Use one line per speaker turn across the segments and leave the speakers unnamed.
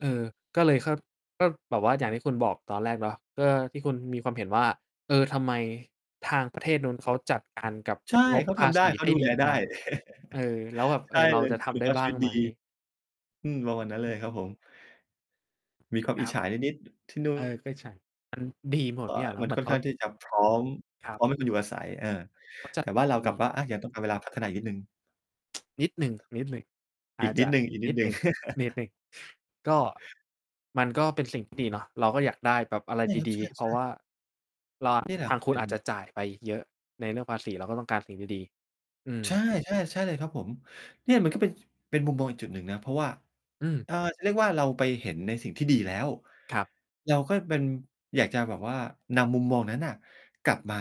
เออ ก็เลย ค ก็แบบว่าอย่างที่คุณบอกตอนแรกเนาะ ก็ที่คุณมีความเห็นว่า เออ ทำไมทาง ประเทศนู้นเขาจัดการกับ
ใช่
งบ
เขา
ภ
ท
า
ำได
ษ
้
ี
เข
ไ
า
ด้
ดู
ด
แ
ี
ลไ
จ
ด้
ัง เออ แล้วแบบ
ใ
เ
ช
ออ
่
เรา
เลย
จะท
คุณ
ำได
ภ
้
าพ
บ
ช
้า
ีว
ง
ิต
ไ
ด
ห
ี
ม?
อืม ประ
ก
ม
็
าณนั้น
ถ
เล
ู
ย
ก
ครับผม มีความ
ค
อ
ร
ิ
ั
จ
บ
ฉานิด ๆ ที่ นู่
เออ
น
ก็ใช่ มัน ดีหมด
ว
ทุ
๊า
กอย่
ย
าง แล้
ม
ว
ั
เ
น
หมือ
ค่
น
อ
เ
น
ข
ข
า
้างที่จะ พร้อม
ครั
พ
บ
ร้อมให้คุณอยู่อาศัย เออ
เขาจ
แ
ั
ต
ด
่ว
ไ
่
ด
า
้
ราว
ด
กั
ี
บว่า อา ยังต้องการเวลาพัฒนาอีกนิดหนึ่ง
นิดหนึ่ง ๆ อ
อี
า
ก
จ
นิ
จ
ด
ะ
หนึ่
นิดหน
ง
ึ่ง
ๆ
นิดหนึ่ง ก็ มันก็เป็นสิ่งที่ดีเนาะ เราก็อยากได้แบบอะไร
ใช่ครับ
ด
ใ
ี ๆ เพร
ช
าะ
่
ว
ๆ
่า เราอะ
เนี่ยแหล
ท
ะ
างคุ
เ
ณ
ป็
อ
น
าจจะจ่ายไปเยอะในเรื่องภาษี เราก็ต้องการสิ่งที่ดี อืม
ใช่ ๆ ใช่เลยครับผม เนี่ยมันก็ เป็น เป็นมุมมองอีกจุดหนึ่งนะ เพราะว่า
อืม
อ่า จะเรียกว่าเราไปเห็นในสิ่งที่ดีแล้ว
ครับ
เราก็เป็น อยากจะแบบว่านำมุมมองนั้นน่ะกลับมา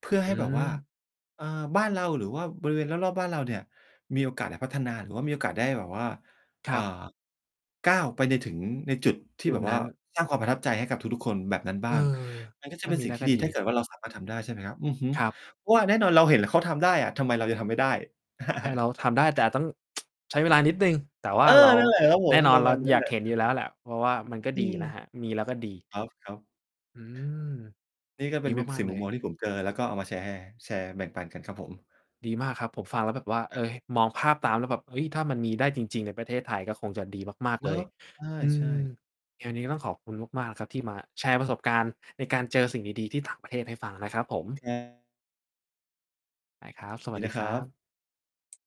เพื่อใ
อ
ห
ื
้แบบว่า
ม
เอ่อ บ้านเรา หรือว่าบริเวณรอบ ๆ บ้านเราเนี่ยมีโอกาสได้พัฒนา หรือว่ามีโอกาสได้แบบว่า
ค
อ
ร
่า
ับ
ก้าวไปถึงในจุดที่
จุ
แ
ด
บบ
น
ว่
ั
า
้น
สร้างความประทับใจให้กับทุก ๆ คนแบบนั้นบ
เ
้
ออ
าง มันก็
ถ
จะ
้า
เป็น
มี
สิ
ไ
่
ด
ง
้
ที
ก
่
็
ดี
ดี
ถ้าเกิดว่าเราสามารถทำได้ ใช่ไหมครับ อือฮึ
ครับ
ว่าแน่นอนเราเห็นเขาทำได้อะ ทำไมเรายังทำไม่ได้
ให้เราทำได้ แต่ต้อง ใช้เวลานิดหนึ่ง แต่ว
เอ
่า
อ
เรา
นั่นแหละครับผ
แน
ม
่น
ป
อ
ร
น
ะ
เร
ม
า
าณนั้
อ
น
ยา
แหล
ก
ะ
เห็นอยู่แล้วแหละ เพราะว่ามันก็
อื
ดี
ม
นะครับ มีแล้วก็ดี
ครับ ๆ
อืม
นี่ก็ เ
ด
ป็
ี
น เป็น
ม
ส
า
ิ
ก
่
ๆ
ง
เล
มุม
ย
มองที่ผมเจอแล้ว ก็เอามาแชร์ แชร์แบ่งปันกันครับผม
ดีมากครับ ผมฟังแล้วแบบว่า เอ
ครับ
อ มองภาพตามแล้วแบบ เฮ้ย! ถ้ามันมีได้จริง ๆ ในประเทศไทย ก็คงจะดีมาก
เ
ๆ เ
น
ล
า
ย
ะ
อื
ใช่
ม
ๆ
งานนี้ต้องขอบคุณมาก ๆ ครับ ที่มาแชร์ประสบการณ์ในการเจอสิ่งดี ๆ ที่ต่างประเทศให้ฟังนะครับผม
ครับ
ได้ครับ สว
ด
ั
ี
สด
น
ี
ะค
ค
ร
ร
ั
ับ
บ